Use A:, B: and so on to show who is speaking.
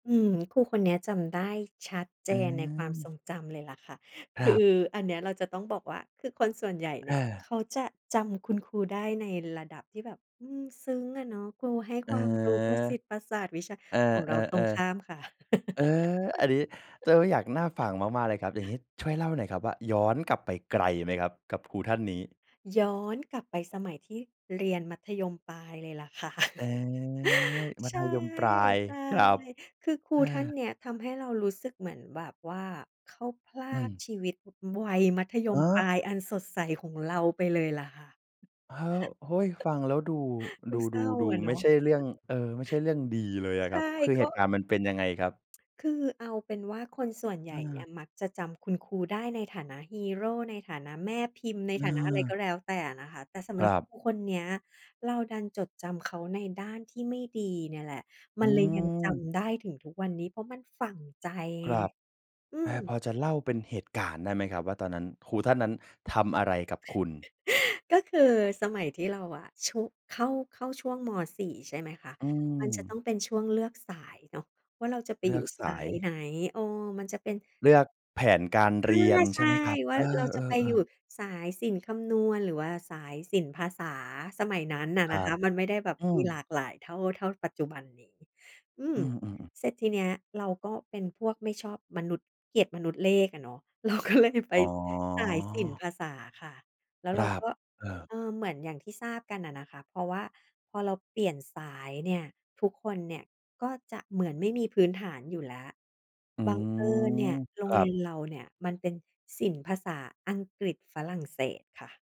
A: อืม ครูคนเนี้ยจำได้ชัดเจ
B: อ
A: นในความท
B: า
A: รงจำเลยแหละค่ะ
B: ค
A: ค
B: ร
A: ือ
B: ับ
A: อันเนี้ยเราจะต้องบอกว่า คือคนส่วนใหญ่เ
B: เ
A: นี่ย
B: ออ
A: เขาจะจำคุณครูได้ในระดับที่แบบ อืม ซึ้งอะเนาะ ครูให้
B: เอ
A: ค
B: อ
A: วามรู้ประสิทธิ์ประสาทวิชา
B: เออ
A: ของเราตรงข้า
B: ๆ
A: มค่ะ
B: ๆ เออ อันนี้เริ่มได้อยาก น่าฟังมาก ๆ เลยครับ อย่างงี้ช่วยเล่าหน่อยครับว่าย้อนกลับไปไกลไหม? ครับกับครูท่านนี้
A: ย้อนกลับไปสมัยที่เรียนมัธยมปลายเลยแหละค่ะ
B: เออ มั
A: ใช
B: ธ
A: ่
B: ยมปลาย
A: ใช่
B: ครับ
A: คือครูท่านเนี้ยทำให้เรารู้สึกเหมือนแบบว่า เขาพรา
B: อื
A: ก
B: ม
A: ชีวิตวัยมัธย
B: อ
A: ม
B: ้า
A: ปลา
B: ว
A: ยอันสดใสของเราไปเลยแหละค่ะ
B: อ้าว เฮ้ย ฟังแล้วดู
A: ด
B: ด
A: ูเศร้า
B: ู
A: อ
B: ๆ
A: ะ
B: ๆ
A: เน
B: ไม
A: า
B: ่
A: ะ
B: ใช่เรื่อง เอ่อ ไม่ใช่เรื่องดีเลยอะ
A: ใช
B: ครั
A: ่
B: บ คือ
A: ก
B: เ
A: ็
B: หตุการณ์มันเป็นยังไงครับ?
A: คือเอาเป็นว่าคนส่วนใหญ
B: อ
A: ่เนี่
B: า
A: ย มักจะจำคุณครูได้ในฐานะฮีโร ในฐานะแม่พิมพ์ ในฐานะอะไร
B: เออ
A: ก็แล้วแต่อะนะคะ แต่สำ
B: ค
A: หร
B: ร
A: ับ
B: ับ
A: ครูคนเนี้ย เราดันจดจำเขาในด้านที่ไม่ดีเนี่ยแหละ
B: อ
A: ม
B: ื
A: ันเลยยังจ
B: ม
A: ำได้ถึงทุกวันนี้เพราะมันฝังใจ
B: ค
A: ไง
B: รับ
A: อื
B: อา พ
A: ม
B: อจะเล่าเป็นเหตุการณ์ได้ไหมครับ ว่าตอนนั้นครูท่านนั้นทำอะไรกับคุณ?
A: ก็คือสมัยที่เราอะ ชุ เข้า เข้าช่วง ม.4 ใช่ไหมคะ
B: อื
A: มันจะต
B: ม
A: ้องเป็นช่วงเลือกสายเนาะ ว่าเราจะไป
B: เลื
A: อยู
B: อ
A: ่
B: กส
A: สา
B: า
A: ย
B: ย
A: ไหน อ้อ มันจะเป็น
B: เลือกแผนการ
A: อ
B: เ
A: า
B: รียน
A: ใ
B: ใ
A: ช
B: ช่
A: ่
B: ไหมครับ?
A: ว่
B: เ
A: า
B: อ
A: เราจะไป
B: อ
A: อยู่
B: ๆ ๆ
A: สายศิลป์คำนวณ หรือว่าสายศิลป์ภาษาสมัยนั้นน่ะ
B: ค
A: น
B: ร
A: ะ
B: ั
A: ค
B: บ
A: ะ มันไม่ได้แบบ
B: อื
A: มี
B: ม
A: หลากหลายเท่า เท่าปัจจุบันเนี้ย อื
B: อ
A: ม
B: ือ ๆ ๆ
A: เสร็จทีนี้เราก็เป็นพวกไม่ชอบมนุษย์ เกลียดมนุษย์เลขอะเนาะ เราก็เลยไป
B: อ๋
A: สายศิลป์
B: อ
A: ภาษาค่ะ แล้ว
B: ค
A: เร
B: ร
A: า
B: ับ
A: ก็
B: เออ
A: เออ เหมือนอย่างที่ทราบกันน่ะนะคะ เพราะว่าพอเราเปลี่ยนสายเนี่ย ทุกคนเนี่ยก็จะเหมือนไม่มีพื้นฐานอยู่แล้ว
B: อื
A: บังเอิญเนี่
B: ม
A: ย โร
B: ค
A: ง
B: รั
A: เรีย
B: บ
A: นเราเนี่ยมันเป็นศิลป์ภาษาอังกฤษฝรั่งเศสค่ะ